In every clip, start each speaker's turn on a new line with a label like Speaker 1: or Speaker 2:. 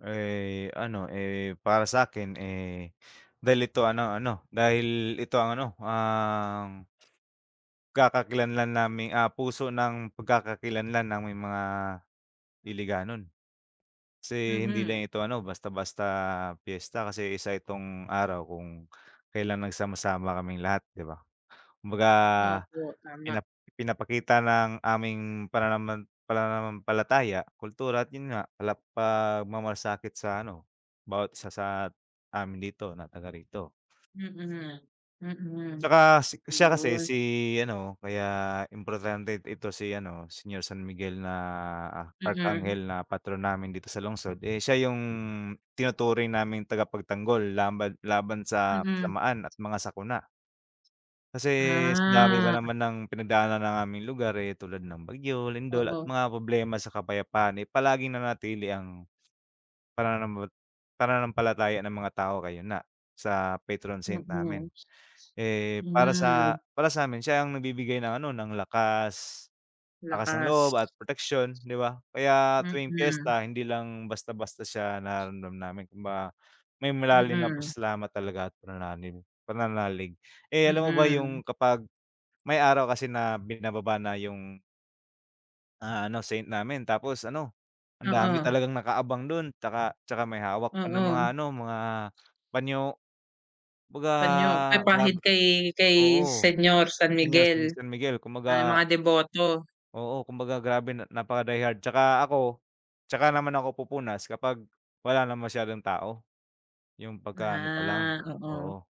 Speaker 1: Eh, ano, eh, para sa'kin, eh, dahil ito ano ano, dahil ito ang ano ang Pagkakakilanlan naming, ah, puso ng pagkakakilanlan naming mga Hiligaynon. Kasi hindi lang
Speaker 2: Mhm.
Speaker 1: ito ano basta-basta piyesta, kasi isa itong araw kung kailan nagsama-sama kaming lahat, 'di ba. Kumbaga
Speaker 2: Opo tama.
Speaker 1: pina pinapakita ng aming pananaman pananampalataya, kultura at 'yon nga pala pagmamlasakit sa ano bawat isa sa amin dito, na taga rito.
Speaker 2: Mhm, mhm,
Speaker 1: Tsaka si siya kasi
Speaker 2: 'yon.
Speaker 1: si ano kaya importante ito si ano Senior San Miguel na
Speaker 2: Mm.
Speaker 1: Arkanghel na patron namin dito sa lungsod, eh, siya yung tinuturing naming tagapagtanggol laban laban sa
Speaker 2: Mm.
Speaker 1: kasamaan at mga sakuna. Kasi sa dami ba
Speaker 2: Ah.
Speaker 1: naman ng pinagdaanan ng aming lugar, eh, tulad ng bagyo, lindol at
Speaker 2: Oo.
Speaker 1: mga problema sa kapayapaan, eh, palaging nanatili ang pananam pananampalataya ng mga tao ngayon nga sa patron saint namin.
Speaker 2: Mhm.
Speaker 1: Eh, para
Speaker 2: Hmm.
Speaker 1: sa para sa'min siya ang nagbibigay ng ano ng lakas, lakas ng loob
Speaker 2: Lakas.
Speaker 1: at proteksiyon 'di ba? Kaya tuwing
Speaker 2: Mhm.
Speaker 1: piyesta hindi lang basta-basta siya nararamdam namin kumbaga may malalim na
Speaker 2: Mhm.
Speaker 1: pasasalamat talaga at pananaling pananalig. Eh, alam mo ba
Speaker 2: Mhm.
Speaker 1: yung kapag may araw kasi na binababa na yung ah, ano saint namin. Tapos ano ang dami
Speaker 2: Oo.
Speaker 1: talagang naka-abang do'n 'tsaka, 'tsaka may hawak pa na mga
Speaker 2: Oo.
Speaker 1: ano, mga panyo. Kumbaga
Speaker 2: Panyo,
Speaker 1: grab
Speaker 2: pampahid kay, kay
Speaker 1: oo
Speaker 2: Senior San
Speaker 1: Senior
Speaker 2: Miguel,
Speaker 1: San Miguel,
Speaker 2: ah yung
Speaker 1: kumbaga
Speaker 2: mga deboto.
Speaker 1: oo kumbaga grabe napaka die hard. 'Tsaka ako 'tsaka naman ako pupunas kapag wala na masyadong tao, yung pagka ano pa lang,
Speaker 2: Ah, oo.
Speaker 1: oo.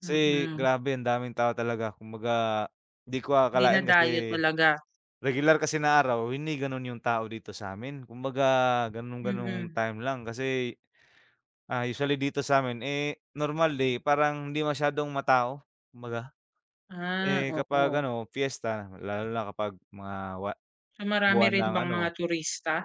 Speaker 1: Kasi
Speaker 2: Mm.
Speaker 1: grabe ang daming tao talaga, kumbaga hindi ko akalain
Speaker 2: Dinadayo
Speaker 1: kasi
Speaker 2: talaga.
Speaker 1: regular kasi na araw hindi gano'n yung tao dito sa'min. Kumbaga gano'n gano'ng
Speaker 2: Mm.
Speaker 1: time lang kasi, ah, usually dito sa'min, eh, normal day parang hindi masyadong ma-tao kumbaga.
Speaker 2: Ah,
Speaker 1: Eh, kapag
Speaker 2: oo.
Speaker 1: ano piyesta, lalo na kapag mga wa
Speaker 2: So, marami
Speaker 1: buwan
Speaker 2: rin
Speaker 1: ng
Speaker 2: bang mga
Speaker 1: ano
Speaker 2: turista?